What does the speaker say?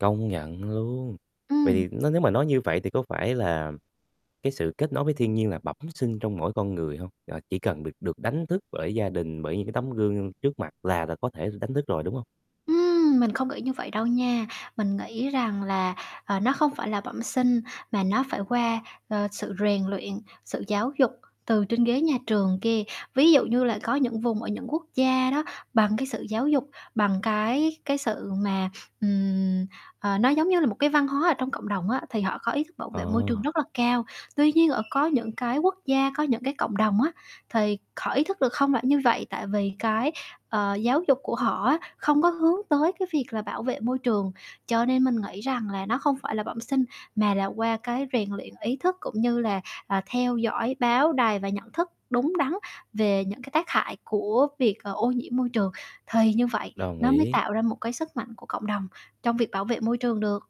Công nhận luôn. Vậy Ừm. thì nếu mà nói như vậy thì có phải là cái sự kết nối với thiên nhiên là bẩm sinh trong mỗi con người hông? Ờ, chỉ cần được được đánh thức bởi gia đình, bởi những cái tấm gương trước mặt là là có thể đánh thức rồi, đúng hông? Ừm, mình không nghĩ như vậy đâu nha. Mình nghĩ rằng là, ờ, nó không phải là bẩm sinh mà nó phải qua, ờ, sự rèn uyện, sự giáo dục từ trên ghế nhà trường kia. Ví dụ như là có những vùng ở những quốc gia đó, bằng cái sự giáo dục, bằng cái cái sự mà, ừm, ờ, nó giống như là một cái văn hóa ở trong cộng đồng á thì họ có ý thức bảo vệ môi trường Ờ. rất là cao. Tuy nhiên, ở có những cái quốc gia, có những cái cộng đồng á, thì họ ý thức được không phải như vậy, tại vì cái, ờ, giáo dục của họ á không có hướng tới cái việc là bảo vệ môi trường. Cho nên mình nghĩ rằng là nó không phải là bẩm sinh mà là qua cái rèn luyện ý thức cũng như là, ờ, theo dõi báo đài và nhận thức đúng đắn về những cái tác hại của việc, ờ, ô nhiễm môi trường thì như vậy Đồng nó mới ý. tạo ra một cái sức mạnh của cộng đồng trong việc bảo vệ môi trường được.